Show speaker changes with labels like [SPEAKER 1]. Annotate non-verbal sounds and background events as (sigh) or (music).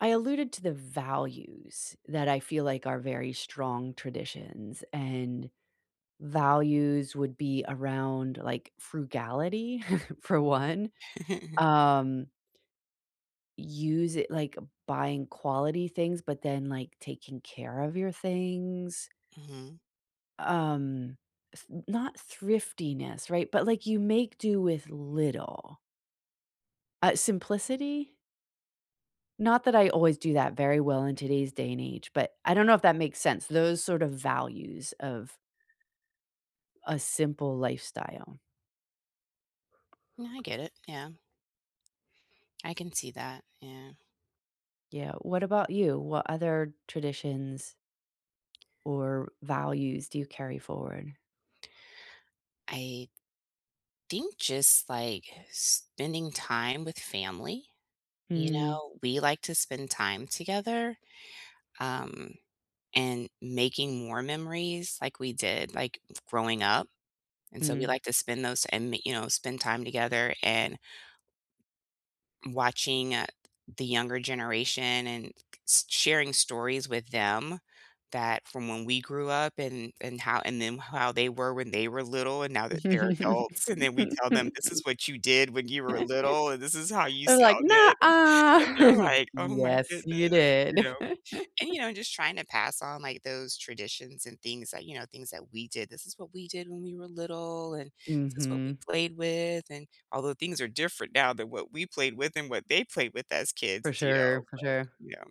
[SPEAKER 1] I alluded to the values that I feel like are very strong traditions, and values would be around, like, frugality (chuckles) for one,
[SPEAKER 2] (chuckles)
[SPEAKER 1] um use it, like, buying quality things, but then, like, taking care of your things.
[SPEAKER 2] Mhm.
[SPEAKER 1] Um, th not thriftiness, right? But, like, you make do with little. Uh, simplicity? Not that I always do that very well in today's day and age, but I don't know if that makes sense, those sort of values of a simple lifestyle.
[SPEAKER 2] Yeah, I get it. Yeah. I can see that, yeah.
[SPEAKER 1] Yeah, what about you? What other traditions or values do you carry forward?
[SPEAKER 2] I think just, like, spending time with family, you
[SPEAKER 1] Mm.
[SPEAKER 2] know, we like to spend time together, um, and making more memories, like we did, like, growing up, and so we
[SPEAKER 1] Hmm.
[SPEAKER 2] like to spend those in, you know, spend time together and watching, uh, the younger generation and s sharing stories with them that from when we grew up and and how and then how they were when they were little and now that they're adults, and then we tell them, "This
[SPEAKER 1] (laughs)
[SPEAKER 2] is what you did when you were
[SPEAKER 1] (laughs)
[SPEAKER 2] little, and this is how you
[SPEAKER 1] They're like,
[SPEAKER 2] sounded."
[SPEAKER 1] "Nuh-uh."
[SPEAKER 2] And they're
[SPEAKER 1] I'm like,
[SPEAKER 2] like, "Oh my
[SPEAKER 1] "Yes,
[SPEAKER 2] goodness,"
[SPEAKER 1] you
[SPEAKER 2] you
[SPEAKER 1] did."
[SPEAKER 2] know, and, you
[SPEAKER 1] (chuckles)
[SPEAKER 2] know, just trying to pass on, like, those traditions and things that, you know, things that we did. "This is what we did when we were little, and this is what we
[SPEAKER 1] Mhm.
[SPEAKER 2] played with," and although things are different now than what we played with and what they played with as
[SPEAKER 1] For
[SPEAKER 2] kids, do you know,
[SPEAKER 1] sure, for
[SPEAKER 2] but,
[SPEAKER 1] sure.
[SPEAKER 2] yeah.